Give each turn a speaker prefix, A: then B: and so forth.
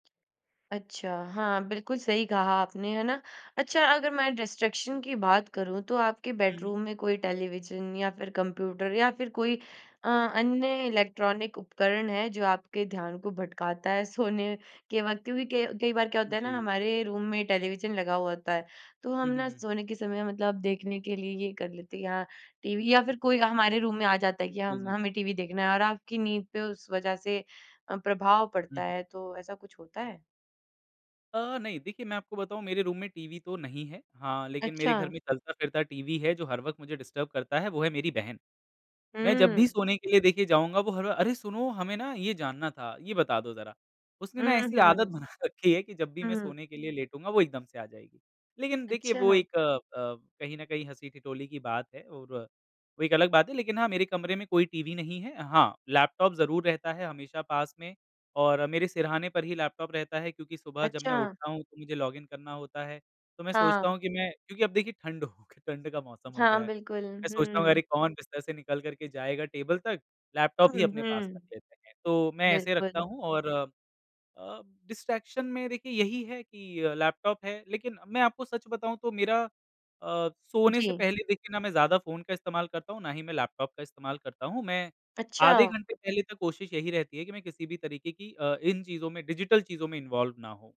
A: अच्छा, हाँ बिल्कुल सही कहा आपने है ना। अच्छा अगर मैं डिस्ट्रैक्शन की बात करूँ, तो आपके
B: हुँ, हुँ।
A: बेडरूम में कोई टेलीविज़न या फिर कंप्यूटर या फिर कोई अ, अन्य इलेक्ट्रॉनिक उपकरण है, जो आपके ध्यान को भटकाता है सोने के वक़्त? क्योंकि क कई बार क्या होता है ना,
B: जी।
A: हमारे रूम में टेलीविज़न लगा हुआ होता है, तो हम
B: हुँ, हुँ,
A: ना
B: हुँ।
A: सोने के समय मतलब देखने के लिए ये कर लेते या टीवी या फिर कोई हमारे रूम में आ जाता है
B: उ,
A: कि
B: जी,
A: हम
B: जी।
A: हमें टीवी देखना है और आपकी नींद पे उस वज़ह से अ, प्रभाव
B: हुँ,
A: पड़ता
B: हुँ।
A: है, तो ऐसा कुछ होता है?
B: अ, नहीं देखिए मैं आपको बताऊँ मेरे रूम में टीवी तो नहीं है। हाँ, लेकिन मेरे घर
A: अच्छा।
B: में चलता-फिरता टीवी है, जो हर वक़्त मुझे डिस्टर्ब करता है वो है मेरी बहन। मैं जब भी
A: हुँ।
B: सोने के लिए देखिए जाऊँगा, वो हर बा अरे! सुनो हमें ना ये जानना था, ये बता दो जरा, उसने ना
A: हुँ,
B: ऐसी आदत
A: हुँ।
B: बना रखी है कि जब भी मैं
A: हुँ।
B: सोने के लिए लेटूँगा, वो एकदम से आ जाएगी। लेकिन देखिए
A: अच्छा
B: वो
A: हाँ।
B: एक अ अ, कहीं न कहीं हँसी-ठिठोली की बात है और वो एक अलग बात है, लेकिन हाँ मेरे कमरे में कोई टीवी नहीं है हाँ, लैपटॉप ज़रूर रहता है हमेशा पास में और मेरे सिरहाने पर ही लैपटॉप रहता है, क्योंकि सुबह जब मैं
A: अच्छा।
B: उठता हूँ तो मुझे लॉगिन करना होता है, तो मैं सोचता
A: हाँ।
B: हूँ कि मैं क्योंकि अब देखिए ठंड हो क ठंड का मौसम हो
A: हाँ,
B: गया है,
A: बिल्कुल
B: मैं सोचता हूँ अरे!
A: हुँ।
B: कौन बिस्तर से निकल कर के जाएगा टेबल तक लैपटॉप
A: हुँ,
B: ही अपने पास
A: हुँ।
B: रख लेते हैं। तो मैं ऐसे रखता
A: बिल्कुल।
B: हूँ और अ, अ, डिस्ट्रैक्शन में देखिए यही है कि लैपटॉप है, लेकिन मैं आपको सच बताऊँ तो मेरा अ,
A: उ,
B: सोने से
A: जी।
B: पहले देखिए ना मैं ज़्यादा फ़ोन का इस्तेमाल करता हूँ, ना ही मैं लैपटॉप का इस्तेमाल करता हूँ। मैं आधे
A: अच्छा।
B: घंटे पहले तक कोशिश यही रहती है कि मैं किसी भी तरीके की अ, इन चीज़ों में डिजिटल चीज़ों में इन्वॉल्व ना होऊँ।